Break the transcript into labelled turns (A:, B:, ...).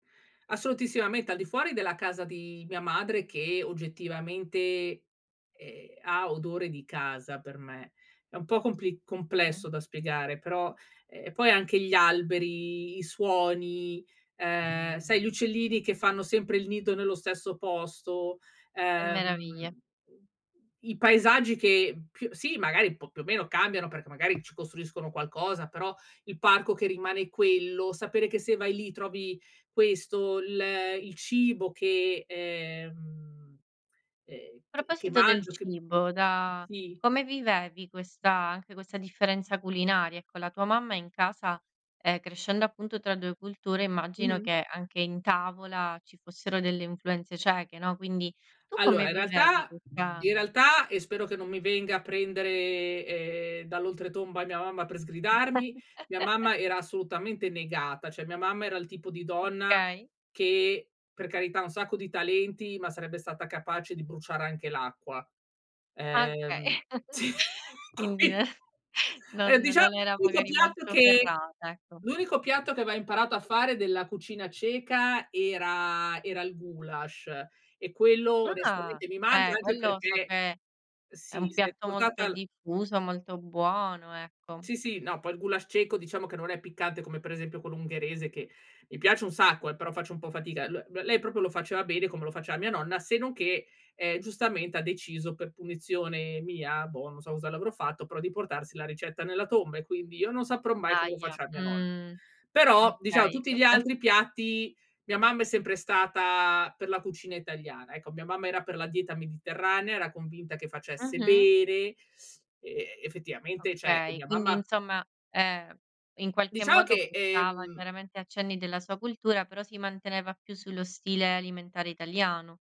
A: Assolutissimamente, al di fuori della casa di mia madre, che oggettivamente, ehm, ha odore di casa per me. È un po' compli
B: Mh.
A: complesso da spiegare, però, ehm, e poi anche gli alberi, i suoni, ehm, sai gli uccellini che fanno sempre il nido nello stesso posto,
B: Che
A: ehm,
B: meraviglia.
A: mhmm, i paesaggi che, più sì magari p più o meno cambiano, perché magari ci costruiscono qualcosa, però il parco che rimane quello, sapere che se vai lì trovi questo, l il cibo che, ehm, ehm che che
B: Proposito del
A: mangio, che
B: cibo, da
A: sì.
B: come vivevi questa anche questa differenza culinaria? Ecco, la tua mamma in casa, ehm, crescendo appunto tra 2 culture, immagino
A: Mh-mh.
B: che anche in tavola, ci fossero delle influenze ceche, no, quindi, tu
A: Allora,
B: come
A: in
B: vivevi
A: realtà
B: questa
A: in realtà, e spero che non mi venga a prendere, ehm, dall'oltretomba mia mamma per sgridarmi, mia mamma era assolutamente negata, cioè, mia mamma era il tipo di donna
B: Okay.
A: che per carità un sacco di talenti, ma sarebbe stata capace di bruciare anche l'acqua,
B: Okay,
A: ehm sì,
B: quindi
A: qui
B: non
A: Ehm,
B: non
A: diciamo,
B: non era
A: l'unico
B: magari
A: piatto
B: molto
A: che
B: ferrata, ecco.
A: l'unico piatto che aveva imparato a fare della cucina ceca, era era il gulasch, e quello
B: Ah,
A: onestamente mi manca,
B: eh,
A: anche
B: quello so
A: perché
B: che è
A: sì,
B: un
A: s'è
B: piatto molto
A: portata l
B: diffuso, molto buono, ecco.
A: Sì sì, no poi il gulasch ceco, diciamo che non è piccante come, per esempio, quello ungherese, che, mi piace un sacco, eh, però faccio un po' fatica. L l lei, proprio lo faceva bene come lo faceva mia nonna, se non che, ehm, giustamente ha deciso per punizione mia, boh, non so cosa le avrò fatto, però di portarsi la ricetta nella tomba, e quindi io non saprò mai come lo
B: Ahia,
A: faceva mia nonna.
B: mh,
A: Però, diciamo
B: okay,
A: tutti gli
B: questo
A: altri piatti mia mamma è sempre stata per la cucina italiana, ecco mia mamma era per la dieta mediterranea, era convinta che facesse
B: Mh-mh.
A: bene; e effettivamente, cioè, ehm,
B: Okay,
A: mia
B: quindi
A: mamma
B: insomma, ehm, in qualche
A: Diciamo
B: modo
A: che,
B: portava
A: ehm
B: chiaramente accenni della sua cultura, però si manteneva più sullo stile alimentare italiano.